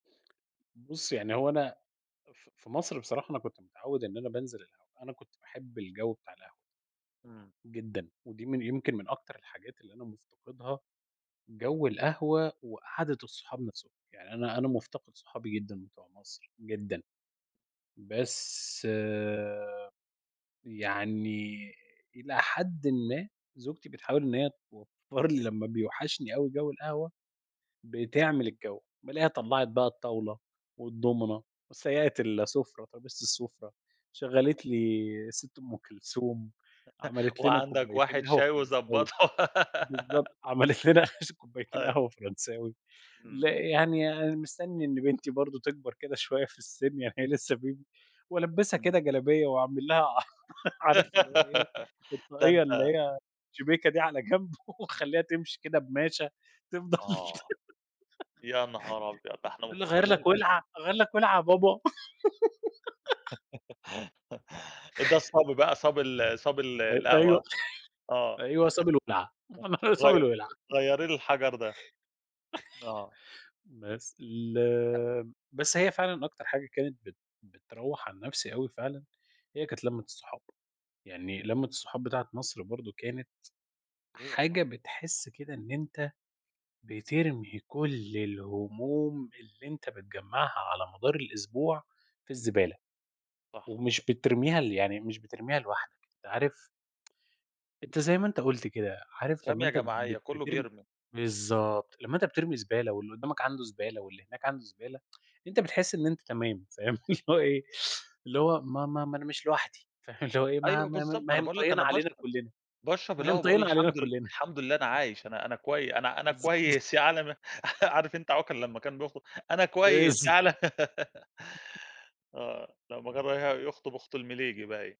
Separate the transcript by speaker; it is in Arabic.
Speaker 1: بُصّ، يعني هو أنا ف في مصر بصراحة أنا كنت متعوّد إن أنا بانزل القهوة، أنا كنت باحب الجَوّ بتاع القهوة.
Speaker 2: إمم.
Speaker 1: جدًا، ودي من يمكن من أكتر الحاجات اللي أنا مُفتَقِدها جَوّ القهوة وقعدة الصحاب نفسهم، يعني أنا أنا مُفتقِد صحابي جدًا بتوع مصر، جدًا بس يعني إلى حدٍ ما زوجتي بتحاول إن هي توفّر لي لمّا بيوحشني أوي جَوّ القهوة، بتعمل الجَوّ، بالاقيها طلّعت بقى الطاولة والدومينو، وسيّقت السُفرة، ترابيزة السُفرة، شغّلت لي الست أم كلثوم، عملت لنا
Speaker 2: وعندَك
Speaker 1: كوبايتين
Speaker 2: واحد
Speaker 1: قهوة
Speaker 2: شاي
Speaker 1: فرنساوي
Speaker 2: وضبّطه.
Speaker 1: بالضبط، عملت لنا كوبايتين
Speaker 2: آه.
Speaker 1: قهوة فرنساوي لأ
Speaker 2: إمم.
Speaker 1: يعني أنا مستني إن بنتي برضه تكبر كده شوية في السن يعني هي لسه baby وألبِّسها
Speaker 2: إمم.
Speaker 1: كده جلابية وأعمل لها عارف اللي هو إيه
Speaker 2: ده
Speaker 1: الطاقية اللي
Speaker 2: أنت
Speaker 1: هي الشِبيكة دي على جنب وأخلّيها تمشي كده بماشة تفضل
Speaker 2: آه، يا نهار أبيض! ده إحنا
Speaker 1: تقول لي أغيّر
Speaker 2: مفتقدين
Speaker 1: لك
Speaker 2: الأجواء
Speaker 1: وِلعة أغيّر لك وِلعة يا بابا؟
Speaker 2: ده الصَبي بقى، صَبي ال صبي ال
Speaker 1: [unintelligible]
Speaker 2: القهوة
Speaker 1: أيوه،
Speaker 2: ها، آه،
Speaker 1: أيوه صبي الوِلعة، [unintelligible] صبي
Speaker 2: غي
Speaker 1: الوِلعة
Speaker 2: غيري لي الحَجَر ده، آه.
Speaker 1: بس ال بس هي فعلًا أكتر حاجة كانت بت بتروَّح عن نفسي أوي فعلًا، هي كانت لمّة الصحاب يعني لمّة الصحاب بتاعة مصر برضه كانت
Speaker 2: [unintelligible]
Speaker 1: حاجة بتحس كده إن أنت بترمي كُلّ الهموم اللي أنت بتجمَّعها على مدار الأسبوع في الزبالة،
Speaker 2: صح.
Speaker 1: ومش بترميها ل يعني مش بترميها لوحدَك، أنت عارف أنت زي ما أنت قُلت كده، عارف لمّا
Speaker 2: رمية
Speaker 1: أنت
Speaker 2: جماعية،
Speaker 1: بت
Speaker 2: كُلُّه
Speaker 1: بترمي
Speaker 2: بيرمي.
Speaker 1: بالضبط، لمّا أنت بترمي زبالة، واللي قدَّامك عندُه زبالة، واللي هناك عندُه زبالة، أنت بتحس إن أنت تمام، فاهم، اللي هو إيه، اللي هو ما ما ما أنا مش لوحدي فاهم، اللي هو إيه ما
Speaker 2: أيوه
Speaker 1: ما ما
Speaker 2: بالضبط، ما
Speaker 1: ما
Speaker 2: أنا
Speaker 1: هي
Speaker 2: باقول لّك
Speaker 1: مطيّنة
Speaker 2: أنا
Speaker 1: علينا
Speaker 2: باشرب
Speaker 1: كُلِّنا
Speaker 2: باشرب
Speaker 1: ما هي
Speaker 2: القهوة باقول
Speaker 1: مطيّنة علينا
Speaker 2: الحمد ل
Speaker 1: كُلِّنا.
Speaker 2: الحمد لله أنا عايش، أنا أنا كوي أنا أنا
Speaker 1: بالضبط.
Speaker 2: كويس يا عالم يا عارف أنت عوكل لمّا كان بيخطُب، أنا كويس يا
Speaker 1: بالض
Speaker 2: عالم. آه، لمّا كان رايح يُخطُب أخت المليجي باين.